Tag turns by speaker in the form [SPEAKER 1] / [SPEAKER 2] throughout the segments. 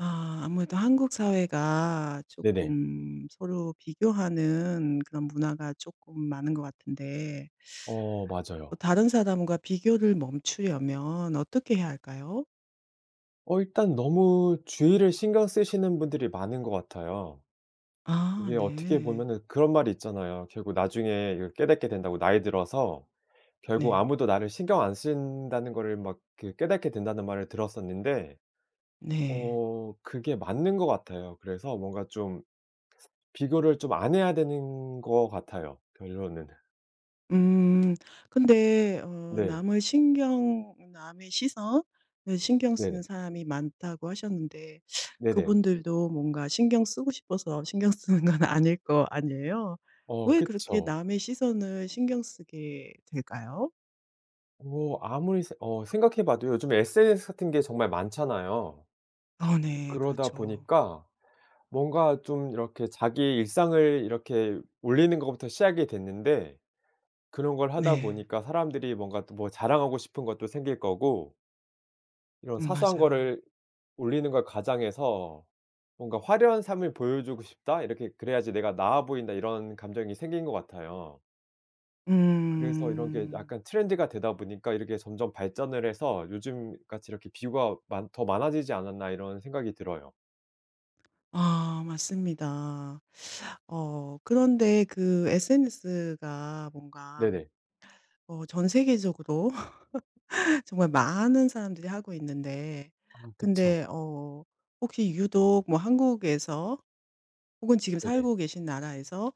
[SPEAKER 1] 아 아무래도 한국 사회가
[SPEAKER 2] 네네.
[SPEAKER 1] 쪼끔 서로 비교하는 그런 문화가 쪼끔 많은 것 같은데
[SPEAKER 2] 어
[SPEAKER 1] 어
[SPEAKER 2] 맞아요.
[SPEAKER 1] 다른 사람과 비교를 멈추려면 어떻게 해야 할까요?
[SPEAKER 2] 어 일단 너무 주위를 신경 쓰시는 분들이 많은 것 같아요.
[SPEAKER 1] 아
[SPEAKER 2] 이게 어떻게
[SPEAKER 1] 네.
[SPEAKER 2] 보면은 그런 말이 있잖아요. "결국 나중에 이걸 깨닫게 된다."고 "나이 들어서 결국
[SPEAKER 1] 네.
[SPEAKER 2] 아무도 나를 신경 안 쓴다는 거를 막 그 깨닫게 된다."는 말을 들었었는데
[SPEAKER 1] 네.
[SPEAKER 2] 어 그게 맞는 것 같아요. 그래서 뭔가 좀 비교를 좀 안 해야 되는 것 같아요 결론은.
[SPEAKER 1] 음 근데 어
[SPEAKER 2] 네.
[SPEAKER 1] 남을 신경 "남의 시선을 신경 쓰는
[SPEAKER 2] 네네.
[SPEAKER 1] 사람이 많다."고 하셨는데
[SPEAKER 2] 네네.
[SPEAKER 1] 그분들도 뭔가 신경 쓰고 싶어서 신경 쓰는 건 아닐 거 아니에요?
[SPEAKER 2] 어
[SPEAKER 1] 왜 그렇게
[SPEAKER 2] 그쵸.
[SPEAKER 1] 남의 시선을 신경 쓰게 될까요?
[SPEAKER 2] 어 아무리 스 어 생각해 봐도 요즘에 sns 같은 게 정말 많잖아요.
[SPEAKER 1] 아 네.
[SPEAKER 2] 그러다
[SPEAKER 1] 그렇죠.
[SPEAKER 2] 보니까 뭔가 좀 이렇게 자기의 일상을 이렇게 올리는 것부터 시작이 됐는데 그런 걸 하다
[SPEAKER 1] 네.
[SPEAKER 2] 보니까 사람들이 뭔가 또 뭐 자랑하고 싶은 것도 생길 거고 이런
[SPEAKER 1] 음
[SPEAKER 2] 사소한
[SPEAKER 1] 맞아요.
[SPEAKER 2] 거를 올리는 걸 가장해서 '뭔가 화려한 삶을 보여주고 싶다.' 이렇게 '그래야지 내가 나아 보인다.' 이런 감정이 생긴 것 같아요. 그래서 '이런 게
[SPEAKER 1] 음.
[SPEAKER 2] 약간 트렌드가 되다 보니까 이렇게 점점 발전을 해서 요즘같이 이렇게 비유가 많 더 많아지지 않았나?' 이런 생각이 들어요.
[SPEAKER 1] 아 맞습니다. 어 그런데 그 SNS가 뭔가
[SPEAKER 2] 네네.
[SPEAKER 1] 어 전 세계적으로 정말 많은 사람들이 하고 있는데
[SPEAKER 2] 어 그쵸.
[SPEAKER 1] 근데 어 혹시 유독 뭐 한국에서 혹은 지금
[SPEAKER 2] 네네.
[SPEAKER 1] 살고 계신 나라에서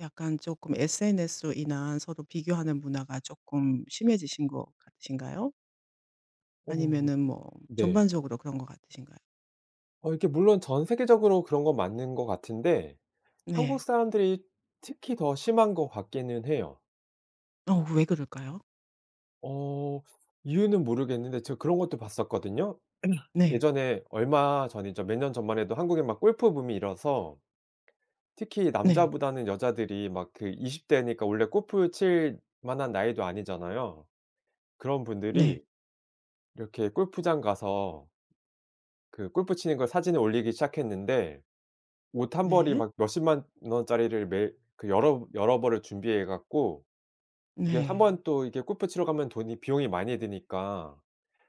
[SPEAKER 1] 약간 쪼끔 SNS로 인한 서로 비교하는 문화가 쪼끔 심해지신 것 같으신가요?
[SPEAKER 2] 어
[SPEAKER 1] 아니면은 뭐
[SPEAKER 2] 네.
[SPEAKER 1] 전반적으로 그런 것 같으신가요?
[SPEAKER 2] 어 이렇게 물론 전 세계적으로 그런 건 맞는 거 같은데 한국
[SPEAKER 1] 네.
[SPEAKER 2] 사람들이 특히 더 심한 것 같기는 해요.
[SPEAKER 1] 어 왜 그럴까요?
[SPEAKER 2] 어 이유는 모르겠는데 제가 그런 것도 봤었거든요.
[SPEAKER 1] 네.
[SPEAKER 2] 예전에 얼마 전이죠, 몇 년 전만 해도 한국엔 막 골프 붐이 일어서 특히
[SPEAKER 1] 네.
[SPEAKER 2] 남자보다는 여자들이 막 그 20 대니까 원래 골프 칠 만한 나이도 아니잖아요. 그런
[SPEAKER 1] 네.
[SPEAKER 2] 분들이 이렇게 골프장 가서 그 골프 치는 걸 사진을 올리기 시작했는데 옷 1 벌이
[SPEAKER 1] 네.
[SPEAKER 2] 막 몇 100,000 만 원짜리를 매일 그 여러브 여러 벌을 준비해 갖고 이게
[SPEAKER 1] 네.
[SPEAKER 2] 한번 또 이게 골프 치러 가면 돈이 비용이 많이 드니까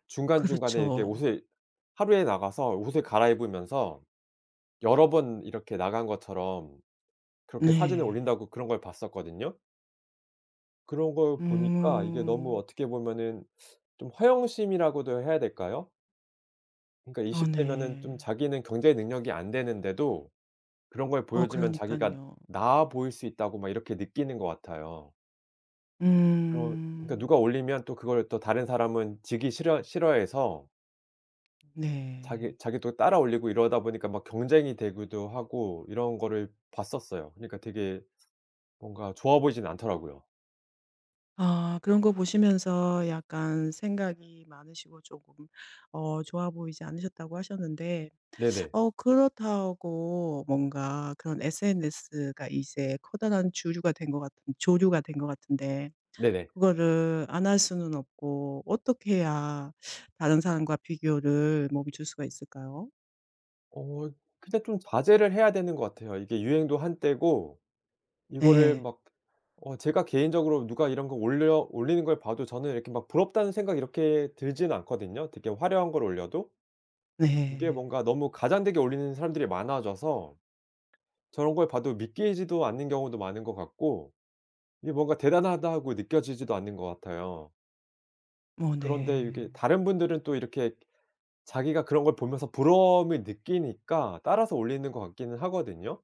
[SPEAKER 2] 중간중간에 이렇게
[SPEAKER 1] 그렇죠.
[SPEAKER 2] 옷을 하루에 나가서 옷을 갈아입으면서 여러 번 이렇게 나간 것처럼 "그렇게 사진을
[SPEAKER 1] 네.
[SPEAKER 2] 올린다."고 그런 걸 봤었거든요. 그런 걸 보니까 이게 너무
[SPEAKER 1] 음.
[SPEAKER 2] 어떻게 보면은 좀 허영심이라고도 해야 될까요? 그러니까
[SPEAKER 1] 아
[SPEAKER 2] 20 대면은 좀
[SPEAKER 1] 네.
[SPEAKER 2] 자기는 경제 능력이 안 되는데도 그런 걸
[SPEAKER 1] 어
[SPEAKER 2] 보여주면 자기가
[SPEAKER 1] 그러니깐요.
[SPEAKER 2] '나아 보일 수 있다.'고 막 이렇게 느끼는 것 같아요. 그러 그러니까 누가
[SPEAKER 1] 음.
[SPEAKER 2] 올리면 또 그걸 또 다른 사람은 지기 싫어 싫어해서
[SPEAKER 1] 네.
[SPEAKER 2] 자기 자기도 따라 올리고 이러다 보니까 막 경쟁이 되기도 하고 이런 거를 봤었어요. 그러니까 되게 뭔가 좋아 보이진 않더라고요.
[SPEAKER 1] 아 그런 거 보시면서 약간 생각이 많으시고 쪼금 어 좋아 보이지 않으셨다고 하셨는데
[SPEAKER 2] 네네.
[SPEAKER 1] 어 그렇다고 뭔가 그런 SNS가 이제 커다란 주류가 된 것 같은 조류가 된 것 같은데
[SPEAKER 2] 네네.
[SPEAKER 1] 그거를 안 할 수는 없고 어떻게 해야 다른 사람과 비교를 멈출 수가 있을까요?
[SPEAKER 2] 어 근데 좀 자제를 해야 되는 것 같아요. 이게 유행도 한때고 이거를
[SPEAKER 1] 네.
[SPEAKER 2] 막 어 제가 개인적으로 누가 이런 거 올려 올리는 걸 봐도 저는 이렇게 막 '부럽다.'는 생각이 이렇게 들진 않거든요 되게 화려한 걸 올려도. 이게
[SPEAKER 1] 네.
[SPEAKER 2] 뭔가 너무 과장되게 올리는 사람들이 많아져서 저런 걸 봐도 믿기지도 않는 경우도 많은 것 같고 이게 뭔가 '대단하다.'고 느껴지지도 않는 것 같아요.
[SPEAKER 1] 어
[SPEAKER 2] 그런데 이렇게
[SPEAKER 1] 네.
[SPEAKER 2] 다른 분들은 또 이렇게 자기가 그런 걸 보면서 부러움을 느끼니까 따라서 올리는 것 같기는 하거든요.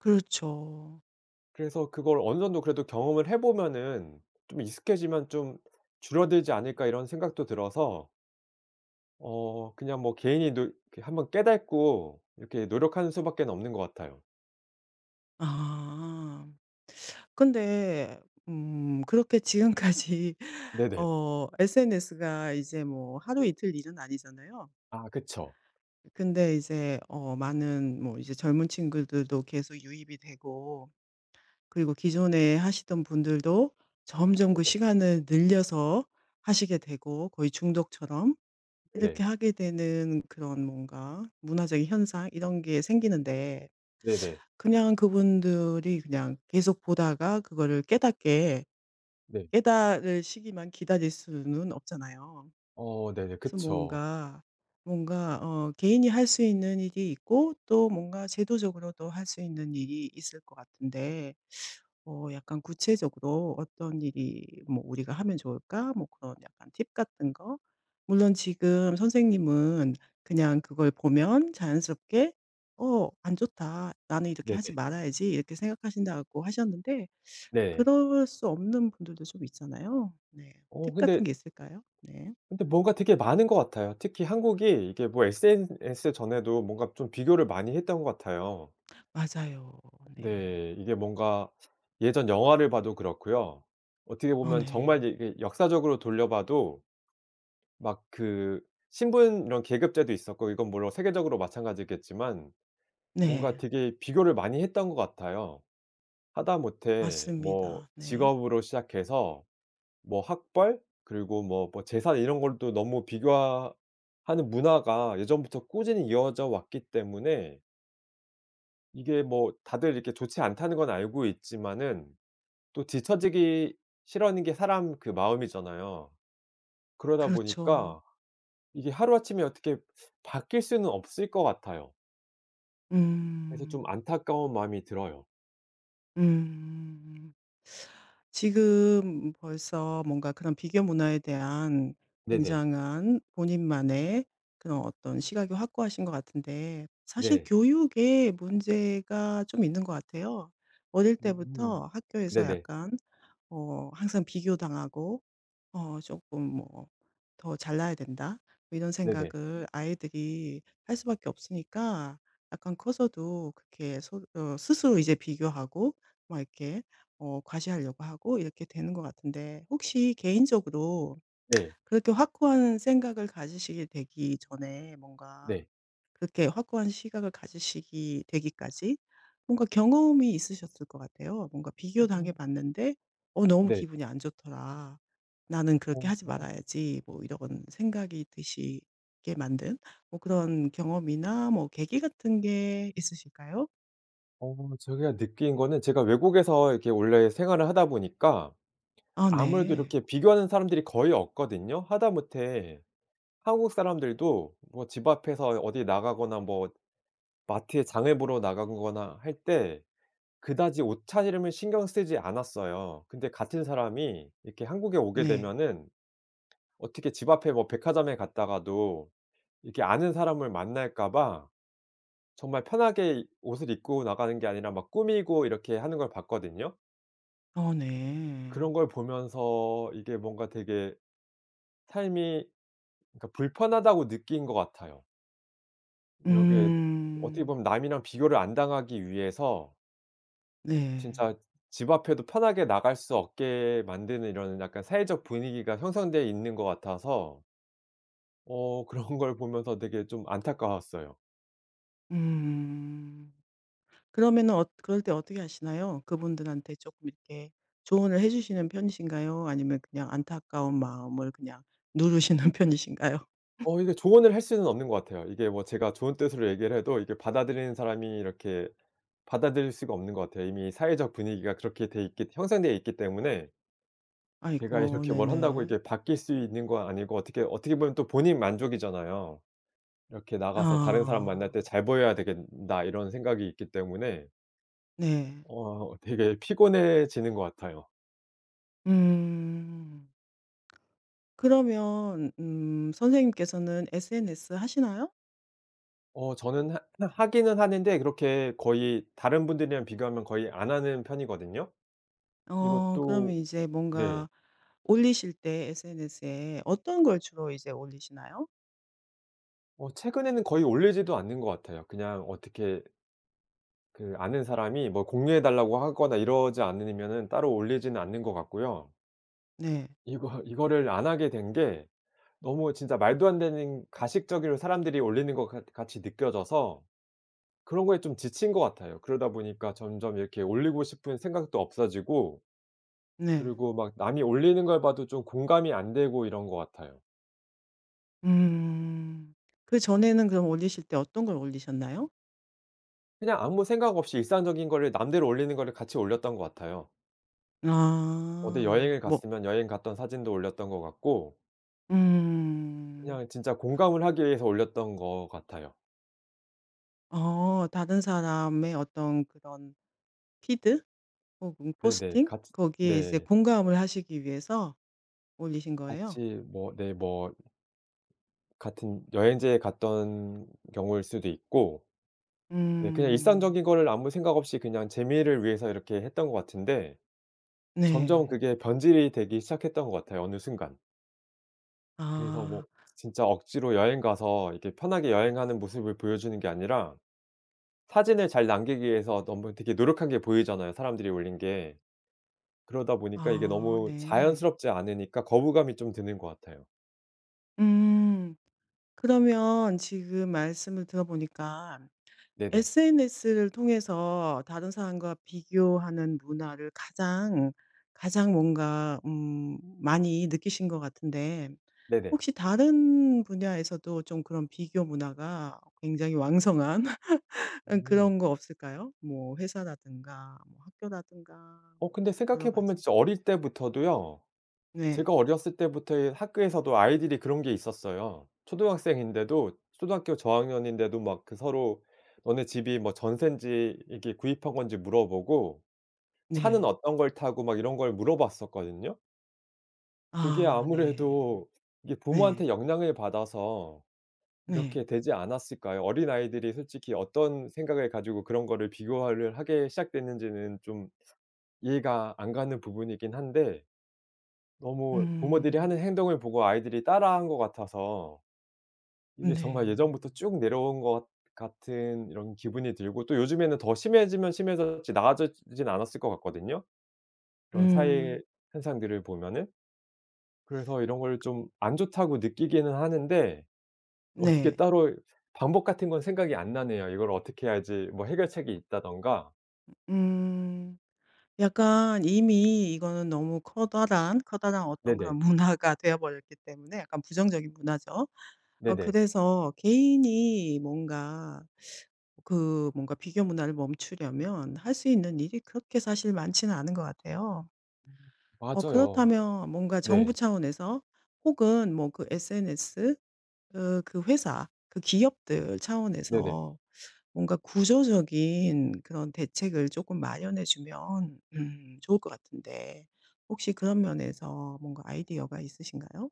[SPEAKER 1] 그렇죠.
[SPEAKER 2] 그래서 '그걸 어느 정도 그래도 경험을 해 보면은 좀 익숙해지면 좀 줄어들지 않을까?' 이런 생각도 들어서 어 그냥 뭐 개인이 눌 이렇게 한번 깨닫고 이렇게 노력하는 수밖에는 없는 것 같아요.
[SPEAKER 1] 아 근데 음 그렇게 지금까지
[SPEAKER 2] 네네.
[SPEAKER 1] 어 SNS가 이제 뭐 하루 이틀 일은 아니잖아요.
[SPEAKER 2] 아 그쵸.
[SPEAKER 1] 근데 이제 어 많은 뭐 이제 젊은 친구들도 계속 유입이 되고 그리고 기존에 하시던 분들도 점점 그
[SPEAKER 2] 네네.
[SPEAKER 1] 시간을 늘려서 하시게 되고 거의 중독처럼 이렇게
[SPEAKER 2] 네네.
[SPEAKER 1] 하게 되는 그런 뭔가 문화적인 현상 이런 게 생기는데
[SPEAKER 2] 네네.
[SPEAKER 1] 그냥 그분들이 그냥 계속 보다가 그거를 깨닫게
[SPEAKER 2] 네.
[SPEAKER 1] 깨닫으시기만 기다릴 수는 없잖아요.
[SPEAKER 2] 어 네네.
[SPEAKER 1] 그래서
[SPEAKER 2] 그쵸.
[SPEAKER 1] 뭔가, 뭔가 어 개인이 할 수 있는 일이 있고 또 뭔가 제도적으로도 할 수 있는 일이 있을 것 같은데 '어 약간 구체적으로 어떤 일이 뭐 우리가 하면 좋을까?' 뭐 그런 약간 팁 같은 거 물론 지금 선생님은 그냥 그걸 보면 자연스럽게 '어 안 좋다. 나는 이렇게 하지
[SPEAKER 2] 네네.
[SPEAKER 1] 말아야지.' 이렇게 생각하신다고 하셨는데
[SPEAKER 2] 네.
[SPEAKER 1] 그럴 수 없는 분들도 좀 있잖아요. 네.
[SPEAKER 2] 어
[SPEAKER 1] 팁 같은
[SPEAKER 2] 근데
[SPEAKER 1] 게 있을까요? 네.
[SPEAKER 2] 근데 뭔가 되게 많은 것 같아요. 특히 한국이 이게 뭐 SNS 전에도 뭔가 좀 비교를 많이 했던 것 같아요.
[SPEAKER 1] 맞아요. 네.
[SPEAKER 2] 네. 이게 뭔가 예전 영화를 봐도 그렇고요. 어떻게
[SPEAKER 1] 어
[SPEAKER 2] 보면 정말
[SPEAKER 1] 네.
[SPEAKER 2] 이제 이게 역사적으로 돌려 봐도 막 그 신분 이런 계급제도 있었고 이건 물론 세계적으로 마찬가지겠지만 뭔가
[SPEAKER 1] 네.
[SPEAKER 2] 되게 비교를 많이 했던 것 같아요. 하다못해 뭐
[SPEAKER 1] 맞습니다. 네.
[SPEAKER 2] 직업으로 시작해서 뭐 학벌 그리고 뭐 뭐 재산 이런 걸 또 너무 비교하 하는 문화가 예전부터 꾸준히 이어져 왔기 때문에 이게 뭐 다들 이렇게 "좋지 않다."는 건 알고 있지만은 또 뒤쳐지기 싫어하는 게 사람 그 마음이잖아요. 그러다
[SPEAKER 1] 그렇죠.
[SPEAKER 2] 보니까 이게 하루 아침에 어떻게 바뀔 수는 없을 것 같아요. 그래서 좀
[SPEAKER 1] 음.
[SPEAKER 2] 안타까운 마음이 들어요.
[SPEAKER 1] 음. 지금 벌써 뭔가 그런 비교 문화에 대한
[SPEAKER 2] 네네.
[SPEAKER 1] 굉장한 본인만의 그런 어떤 시각이 확고하신 것 같은데 사실
[SPEAKER 2] 네.
[SPEAKER 1] 교육에 문제가 좀 있는 것 같아요. 어릴
[SPEAKER 2] 음
[SPEAKER 1] 때부터 학교에서
[SPEAKER 2] 네네.
[SPEAKER 1] 약간 어 항상 비교당하고 어 쪼끔 뭐 '더 잘나야 된다.' 뭐 이런
[SPEAKER 2] 네네.
[SPEAKER 1] 생각을 아이들이 할 수밖에 없으니까 약간 커서도 그렇게 스 어 스스로 이제 비교하고 막 이렇게 어 과시하려고 하고 이렇게 되는 것 같은데 혹시 개인적으로
[SPEAKER 2] 네.
[SPEAKER 1] 그렇게 확고한 생각을 가지시게 되기 전에 뭔가
[SPEAKER 2] 네.
[SPEAKER 1] 그렇게 확고한 시각을 가지시기 되기까지 뭔가 경험이 있으셨을 것 같아요. 뭔가
[SPEAKER 2] 음.
[SPEAKER 1] '비교당해 봤는데 어 너무
[SPEAKER 2] 네.
[SPEAKER 1] 기분이 안 좋더라. 나는
[SPEAKER 2] 아
[SPEAKER 1] 그렇게 하지
[SPEAKER 2] 아아.
[SPEAKER 1] 말아야지.' 뭐 이러건 생각이 드시게 만든 뭐 그런 경험이나 뭐 계기 같은 게 있으실까요?
[SPEAKER 2] 어 제가 느낀 거는 제가 외국에서 이렇게 원래 생활을 하다 보니까
[SPEAKER 1] 아
[SPEAKER 2] 아무래도
[SPEAKER 1] 네.
[SPEAKER 2] 이렇게 비교하는 사람들이 거의 없거든요. 하다못해 한국 사람들도 뭐 집 앞에서 어 어디 나가거나 뭐 마트에 장을 보러 나가고 거나 할 때 그다지 옷차림을 신경 쓰지 않았어요. 근데 같은 사람이 이렇게 한국에 오게
[SPEAKER 1] 네.
[SPEAKER 2] 되면은 어떻게 집 앞에 뭐 백화점에 갔다가도 이렇게 아는 사람을 만날까 봐 정말 편하게 옷을 입고 나가는 게 아니라 막 꾸미고 이렇게 하는 걸 봤거든요.
[SPEAKER 1] 어 네.
[SPEAKER 2] 그런 걸 보면서 이게 뭔가 되게 삶이 그러니까 불편하다고 느낀 것 같아요. 이렇게 어떻게
[SPEAKER 1] 음.
[SPEAKER 2] 보면 남이랑 비교를 안 당하기 위해서
[SPEAKER 1] 네.
[SPEAKER 2] 진짜 집 앞에도 편하게 나갈 수 없게 만드는 이러는 약간 사회적 분위기가 형성돼 있는 것 같아서 어 그런 걸 보면서 되게 좀 안타까웠어요.
[SPEAKER 1] 음. 그러면은 엇 그럴 때 어떻게 하시나요? 그분들한테 쪼끔 이렇게 조언을 해 주시는 편이신가요? 아니면 그냥 안타까운 마음을 그냥 누르시는 편이신가요?
[SPEAKER 2] 어 이게 조언을 할 수는 없는 것 같아요. 이게 뭐 제가 좋은 뜻으로 얘기를 해도 이게 받아들이는 사람이 이렇게 받아들일 수가 없는 것 같아요. 이미 사회적 분위기가 그렇게 돼 있기 형성되어 있기 때문에 제가
[SPEAKER 1] 아이고
[SPEAKER 2] 이렇게 뭘 한다고
[SPEAKER 1] 네네.
[SPEAKER 2] 이렇게 바뀔 수 있는 건 아니고 어떻게 어떻게 보면 또 본인 만족이잖아요. 이렇게 나가서 '다른 사람
[SPEAKER 1] 아.
[SPEAKER 2] 만날 때 잘 보여야 되겐 다.' 이런 생각이 있기 때문에
[SPEAKER 1] 네.
[SPEAKER 2] 어 되게 피곤해지는 것 같아요.
[SPEAKER 1] 음. 그러면 음 선생님께서는 SNS 하시나요?
[SPEAKER 2] 어 저는 하 하기는 하는데 그렇게 거의 다른 분들이랑 비교하면 거의 안 하는 편이거든요.
[SPEAKER 1] 어 그러면
[SPEAKER 2] 이것도
[SPEAKER 1] 이제
[SPEAKER 2] 네.
[SPEAKER 1] 뭔가 올리실 때 SNS에 어떤 걸 주로 이제 올리시나요?
[SPEAKER 2] 어 최근에는 거의 올리지도 않는 것 같아요. 그냥 어떻게 그 아는 사람이 뭐 "공유해 달라."고 하거나 이러지 않으면은 따로 올리지는 않는 것 같고요.
[SPEAKER 1] 네.
[SPEAKER 2] 이거 이거를 안 하게 된 게 너무 진짜 말도 안 되는 가식적으로 사람들이 올리는 것 같 같이 느껴져서 그런 거에 좀 지친 것 같아요. 그러다 보니까 점점 이렇게 올리고 싶은 생각도 없어지고
[SPEAKER 1] 네.
[SPEAKER 2] 그리고 막 남이 올리는 걸 봐도 좀 공감이 안 되고 이런 것 같아요.
[SPEAKER 1] 음. 그전에는 그럼 올리실 때 어떤 걸 올리셨나요?
[SPEAKER 2] 그냥 아무 생각 없이 일상적인 거를 남들이 올리는 거를 같이 올렸던 것 같아요. 어디
[SPEAKER 1] 아.
[SPEAKER 2] 여행을
[SPEAKER 1] 뭐
[SPEAKER 2] 갔으면 여행 갔던 사진도 올렸던 것 같고
[SPEAKER 1] 음.
[SPEAKER 2] 그냥 진짜 공감을 하기 위해서 올렸던 것 같아요.
[SPEAKER 1] 어 다른 사람의 어떤 그런 피드 혹은
[SPEAKER 2] 네네.
[SPEAKER 1] 포스팅,
[SPEAKER 2] 같이
[SPEAKER 1] 거기에 이제
[SPEAKER 2] 네.
[SPEAKER 1] 공감을 하시기 위해서 올리신 거예요?
[SPEAKER 2] 같이 뭐 네 뭐 같은 여행지에 갔던 경우일 수도 있고 네 그냥
[SPEAKER 1] 음.
[SPEAKER 2] 일상적인 거를 아무 생각 없이 그냥 재미를 위해서 이렇게 했던 것 같은데 점점
[SPEAKER 1] 네.
[SPEAKER 2] 그게 변질이 되기 시작했던 것 같아요, 어느 순간. 그래서 뭐
[SPEAKER 1] 아.
[SPEAKER 2] 진짜 억지로 여행 가서 이렇게 편하게 여행하는 모습을 보여주는 게 아니라 사진을 잘 남기기 위해서 너무 되게 노력한 게 보이잖아요, 사람들이 올린 게. 그러다 보니까 이게
[SPEAKER 1] 아
[SPEAKER 2] 너무
[SPEAKER 1] 네.
[SPEAKER 2] 자연스럽지 않으니까 거부감이 좀 드는 것 같아요.
[SPEAKER 1] 음. 그러면 지금 말씀을 들어 보니까
[SPEAKER 2] 네네.
[SPEAKER 1] SNS를 통해서 다른 사람과 비교하는 문화를 가장, 가장 뭔가 음 많이 느끼신 것 같은데
[SPEAKER 2] 네네.
[SPEAKER 1] 혹시 다른 분야에서도 좀 그런 비교 문화가 굉장히 왕성한 응
[SPEAKER 2] 음.
[SPEAKER 1] 그런 거 없을까요? 뭐 회사라든가 뭐 학교라든가
[SPEAKER 2] 어,
[SPEAKER 1] 뭐
[SPEAKER 2] 근데 생각해
[SPEAKER 1] 여러
[SPEAKER 2] 보면
[SPEAKER 1] 가지?
[SPEAKER 2] 진짜 어릴 때부터도요.
[SPEAKER 1] 네.
[SPEAKER 2] 제가 어렸을 때부터의 학교에서도 아이들이 그런 게 있었어요. 초등학생인데도 초등학교 저학년인데도 막 그 서로 너네 집이 뭐 전세인지 이게 구입한 건지 물어보고 차는
[SPEAKER 1] 네.
[SPEAKER 2] 어떤 걸 타고 막 이런 걸 물어봤었거든요. 그게
[SPEAKER 1] 아 네.
[SPEAKER 2] 아무래도 이게
[SPEAKER 1] 네.
[SPEAKER 2] 부모한테 영향을 받아서
[SPEAKER 1] 네.
[SPEAKER 2] 이렇게 되지 않았을까요? 어린아이들이 솔직히 어떤 생각을 가지고 그런 거를 비교를 하게 시작됐는지는 좀 이해가 안 가는 부분이긴 한데 너무 부모들이
[SPEAKER 1] 음.
[SPEAKER 2] 하는 행동을 보고 아이들이 따라 한 것 같아서
[SPEAKER 1] 으
[SPEAKER 2] 이게
[SPEAKER 1] 네.
[SPEAKER 2] 정말 예전부터 쭉 내려온 것 같은 이런 기분이 들고 또 요즘에는 더 심해지면 심해졌지 나아졌지 지는 않았을 것 같거든요, 그런 사회
[SPEAKER 1] 음.
[SPEAKER 2] 현상들을 보면은. 그래서 이런 걸 좀 '안 좋다.'고 느끼기는 하는데 어떻게
[SPEAKER 1] 네.
[SPEAKER 2] 따로 방법 같은 건 생각이 안 나네요, 이걸 "어떻게 해야지 뭐 해결책이 있다."든가.
[SPEAKER 1] 음. 약간 이미 이거는 너무 커다란 커다란 어떤 그런
[SPEAKER 2] 네네.
[SPEAKER 1] 문화가 되어 버렸기 때문에 약간 부정적인 문화죠. 어
[SPEAKER 2] 네네.
[SPEAKER 1] 그래서 개인이 뭔가 그 뭔가 비교 문화를 멈추려면 할 수 있는 일이 그렇게 사실 많지는 않은 것 같아요. 어
[SPEAKER 2] 맞아요.
[SPEAKER 1] 그렇다면 뭔가 정부
[SPEAKER 2] 네.
[SPEAKER 1] 차원에서 혹은 뭐 그 SNS 그 그 회사 그 기업들
[SPEAKER 2] 네네.
[SPEAKER 1] 차원에서 뭔가 구조적인 그런 대책을 쪼끔 마련해 주면 음 좋을 것 같은데 혹시 그런 면에서 뭔가 아이디어가 있으신가요?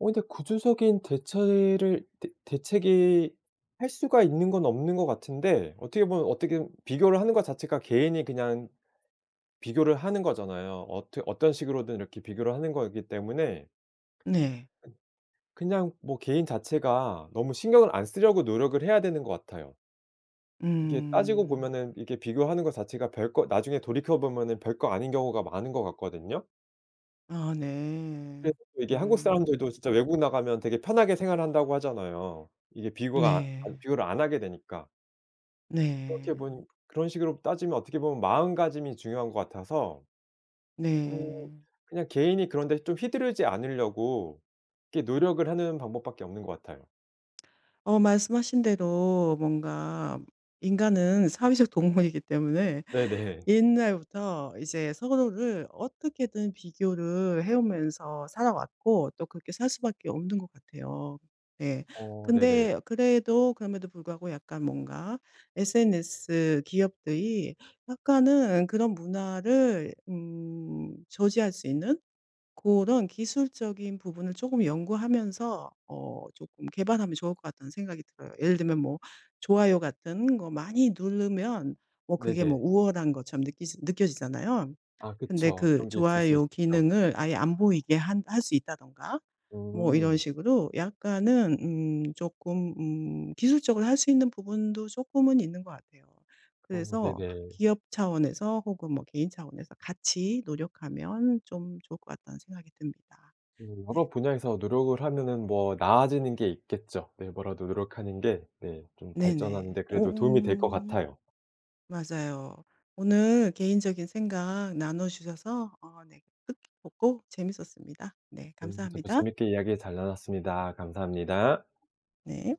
[SPEAKER 2] 어 근데 구조적인 대체를 대 대책이 할 수가 있는 건 없는 것 같은데 어떻게 보면 어떻게 비교를 하는 것 자체가 개인이 그냥 비교를 하는 거잖아요. 어떻 어떤 식으로든 이렇게 비교를 하는 거기 때문에
[SPEAKER 1] 네.
[SPEAKER 2] 그냥 뭐 개인 자체가 너무 신경을 안 쓰려고 노력을 해야 되는 것 같아요. 이게 따지고
[SPEAKER 1] 음.
[SPEAKER 2] 보면은 이렇게 비교하는 것 자체가 별거 나중에 돌이켜 보면은 별거 아닌 경우가 많은 것 같거든요.
[SPEAKER 1] 아
[SPEAKER 2] 그래서
[SPEAKER 1] 네.
[SPEAKER 2] 또 이게 한국 사람들도
[SPEAKER 1] 음.
[SPEAKER 2] 진짜 외국 나가면 되게 편하게 생활한다고 하잖아요. 이게 비교가 아니
[SPEAKER 1] 네.
[SPEAKER 2] 비교를 안 하게 되니까.
[SPEAKER 1] 네.
[SPEAKER 2] 그렇게 본 그런 식으로 따지면 어떻게 보면 마음가짐이 중요한 것 같아서 음
[SPEAKER 1] 네.
[SPEAKER 2] 그냥 개인이 그런 데 좀 휘두르지 않으려고 이렇게 노력을 하는 방법밖에 없는 것 같아요.
[SPEAKER 1] 어 말씀하신 대로 뭔가 인간은 사회적 동물이기 때문에
[SPEAKER 2] 네네.
[SPEAKER 1] 옛날부터 이제 서로를 어떻게든 비교를 해오면서 살아왔고 또 그렇게 살 수밖에 없는 것 같아요. 예.
[SPEAKER 2] 어 네네.
[SPEAKER 1] 근데 그래도 그럼에도 불구하고 약간 뭔가 SNS 기업들이 약간은 그런 문화를 음 저지할 수 있는 고런 기술적인 부분을 쪼금 연구하면서 어 쪼끔 개발하면 좋을 것 같다는 생각이 들어요. 예를 들면 뭐 좋아요 같은 거 많이 누르면 뭐 그게 뭐
[SPEAKER 2] 네네.
[SPEAKER 1] 우월한 것처럼 느끼지 느껴지잖아요.
[SPEAKER 2] 아
[SPEAKER 1] 근데
[SPEAKER 2] 그쵸.
[SPEAKER 1] 그
[SPEAKER 2] 그런 게 있을 수
[SPEAKER 1] 좋아요
[SPEAKER 2] 있죠.
[SPEAKER 1] 기능을 아예 안 보이게 한 할 수 있다든가 뭐 이런
[SPEAKER 2] 음.
[SPEAKER 1] 식으로 약간은 음 쪼끔 음 기술적으로 할 수 있는 부분도 쪼끔은 있는 것 같아요.
[SPEAKER 2] 어
[SPEAKER 1] 그래서
[SPEAKER 2] 네네.
[SPEAKER 1] 기업 차원에서 혹은 뭐 개인 차원에서 같이 노력하면 좀 좋을 것 같다는 생각이 듭니다.
[SPEAKER 2] 어.
[SPEAKER 1] 네.
[SPEAKER 2] 여러 분야에서 노력을 하면은 뭐 나아지는 게 있겠죠. 네 뭐라도 노력하는 게 네 좀 발전하는
[SPEAKER 1] 네네.
[SPEAKER 2] 데
[SPEAKER 1] 오
[SPEAKER 2] 그래도 도움이 될 것
[SPEAKER 1] 음.
[SPEAKER 2] 같아요.
[SPEAKER 1] 맞아요. 오늘 개인적인 생각 나눠 주셔서 어 네 뜻깊었고 재밌었습니다. 네
[SPEAKER 2] 네. 저도
[SPEAKER 1] 감사합니다.
[SPEAKER 2] 재밌게 이야기 잘 나눴습니다. 감사합니다.
[SPEAKER 1] 네.